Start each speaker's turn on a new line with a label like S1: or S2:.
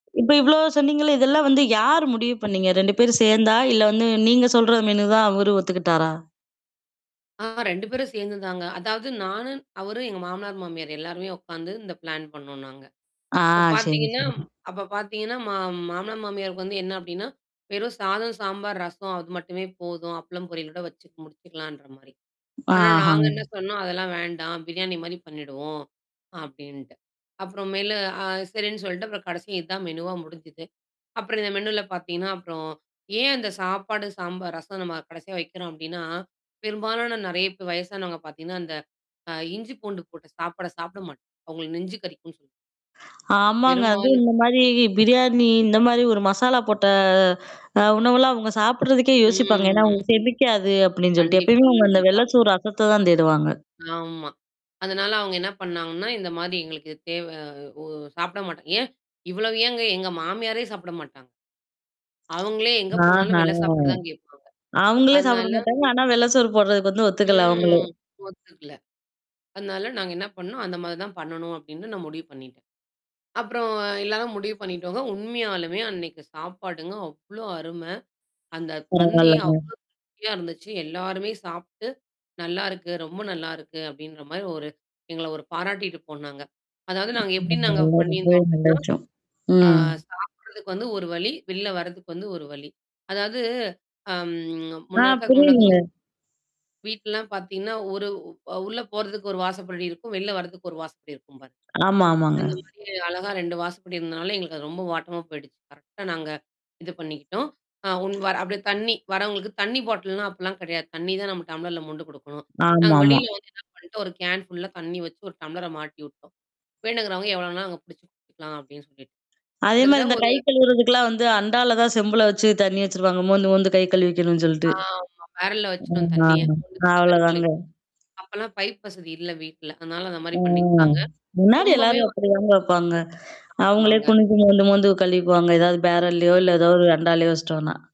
S1: இப்ப இவ்வளோ சொன்னீங்கள்ல! இதெல்லாம் வந்து யார் முடிவு பண்ணீங்க? 2 பேரும் சேந்தா? இல்ல வந்து நீங்க சொல்ற மெனு தான் அவரு ஒத்துக்கிட்டாரா?
S2: ஆ 2 பேரும் சேர்ந்து தாங்க. அதாவது நானு அவரு எங்க மாமனார், மாமியார் எல்லாருமே உட்காந்து இந்த பிளான் பண்ணோம் நாங்க.
S1: ஆ,
S2: இப்ப
S1: சரி,
S2: பார்த்தீங்கன்னா
S1: சரி.
S2: அப்ப பார்த்தீங்கன்னா மா மாமனார் மாமியாருக்கு வந்து என்ன அப்டின்னா, வெறும் சாதம், சாம்பார், ரசம் அது மட்டுமே போதும். அப்பளம் பொரியில் ஓட வச்சு முடிச்சுக்கலான்ற மாரி. ஆனா,
S1: ஆஹ.
S2: நாங்க என்ன சொன்னோம், அதெல்லாம் வேண்டாம். பிரியாணி மாரி பண்ணிடுவோம், அப்டின்ட்டு. அப்புறம் மேல அ சரின்னு சொல்ட்டு அப்புறம் கடைசியா இதான் மெனூவா முடிஞ்சுது. அப்புறம் இந்த மெனுல பார்த்தீங்கன்னா, அப்புறம் ஏன் அந்த சாப்பாடு, சாம்பார், ரசம் நம்ம கடைசியா வைக்கிறோம் அப்டின்னா, பெரும்பாலான நெறைய பே வயசானவங்க பார்த்தீங்கன்னா, அந்த அ இஞ்சி பூண்டு போட்டு சாப்பாட சாப்பிட மாட்டாங்க. அவங்களுக்கு நெஞ்ச கறிக்கும்ன்னு சொல்லி
S1: ஆமாங்க. அதுவும்
S2: பெரும்பாலும்.
S1: இந்த மாரி பிரியாணி, இந்த மாரி ஒரு மசாலா போட்ட அ உணவெல்லாம் அவங்க சாப்படுறதுக்கே யோசிப்பாங்க. ஏன்னா,
S2: ம்.
S1: அவங்களுக்கு செரிக்காது அப்டின்னு சொல்லிட்டு
S2: கண்டிப்பா,
S1: எப்பயுமே அவங்க அந்த
S2: கண்டிப்பா.
S1: வெள்ள சோறு, ரசத்த தான் தேடுவாங்க.
S2: ஆமா. அதனால அவங்க என்ன பண்ணாங்கன்னா, இந்த மாரி எங்களுக்கு இது தேவ ஒ சாப்பிட மாட்டாங்க ஏன்? இவ்வளவு ஏங்க? எங்க மாமியாரே சாப்பிட மாட்டாங்க. அவங்களே எங்க
S1: ஆஹ!
S2: போனாலும் வெள்ள சாப்பாடு தான் கேட்பாங்க.
S1: அங்களே சாப்பிட
S2: அதனால
S1: மாட்டாங்க. ஆனா வெள்ள சோறு போடுறதுக்கு வந்து ஒத்துக்கல, அவங்களே.
S2: ம். ஒத்துக்கல. அதனால நாங்க என்ன பண்ணோம், அந்த மாதிரி தான் பண்ணணும் அப்டின்னு நான் முடிவு பண்ணிட்டேன். அப்புறம் எல்லாராம் முடிவு பண்ணிடோங்க. உண்மையாலுமே அன்னைக்கு சாப்பாடுங்க அவ்ளோ அருமை. அந்த பந்தி
S1: பரவால்லங்க.
S2: அவ்ளோ அருமையா இருந்துச்சு. எல்லாருமே சாப்பிட்டு, நல்லாருக்கு. ரொம்ப நல்லாருக்கு! அப்டின்ற மாரி ஒரு எங்கள ஒரு பாராட்டிட்டு போனாங்க. அதாவது நாங்க
S1: [unintelligible]
S2: எப்டி நாங்க
S1: ரொம்பவே
S2: பண்ணியிருந்தோம்
S1: நல்ல விஷயம்.
S2: அப்டின்னா, ஆ
S1: ம்.
S2: சாப்பிடறதுக்கு வந்து ஒரு வழி, வெளில வரதுக்கு வந்து ஒரு வழி. அதாவது அம்
S1: ஆ,
S2: முன்ன இருக்க முன்ன
S1: புரியுதுங்க.
S2: வீட்லலாம் பார்த்தீங்கன்னா, ஒரு அ உள்ள போறதுக்கு ஒரு வாசைப்படி இருக்கும். வெளில வர்றதுக்கு ஒரு வாசப்படி இருக்கும் பாருங்க.
S1: ஆமா, ஆமாங்க.
S2: அந்த மாரி அழகா 2 வாசபடி இருந்தனால எங்களுக்கு அது ரொம்ப வாட்டமா போயிடுச்சு. கரெக்ட்டா நாங்க இது பண்ணிக்கிட்டோம். அ உன் வர் அப்டியே தண்ணி வர்றவங்களுக்கு தண்ணி பாட்டில்லாம் அப்பலாம் கிடையாது. தண்ணி தான் நம்ம டம்ளர்ல மொண்டு குடுக்கணும். நாங்க
S1: ஆமாமா.
S2: வெளியில வந்து என்ன பண்ணிட்டோம்? ஒரு கேன் ஃபுல்லா தண்ணி வச்சு ஒரு டம்ளர மாட்டி விட்டோம். வேணுங்கறவங்க எவ்வளோனா அங்க புடிச்சு குடிச்சுக்கலாம் அப்டின்னு சொல்லிட்டு.
S1: அதே மாரி,
S2: கிட்டத்தட்ட
S1: இந்த
S2: ஒரு
S1: கை கழுவுறதுக்கெல்லாம் வந்து அண்டால தான் செம்புல வச்சு தண்ணி வச்சுருவாங்க. மோந்து, மோந்து கை கழுவிக்கணும்னு சொல்ட்டு.
S2: ஆமா. பேரல்ல வச்சுடோம்
S1: ஆமாமா,
S2: தண்ணிய [unintelligible] கைகழுவி.
S1: அவளதாங்க.
S2: அப்பல்லாம் பைப் வசதி இல்ல வீட்ல. அதனால அந்த மாரி
S1: ஆ.
S2: பண்ணிக்கிட்டாங்க.
S1: முன்னாடி
S2: ரொம்பவே
S1: எல்லாரும்
S2: வந்து
S1: அப்டிதாங்க வைப்பாங்க. அவங்களே
S2: ஆமாங்க.
S1: குனிஞ்சு மோந்து, மோந்து கழிவிக்குவாங்க. ஏதாவது பேரல்லையோ,
S2: ம்.
S1: இல்ல ஏதாவது ஒரு அண்டாலையோ வச்சுட்டோம்னா.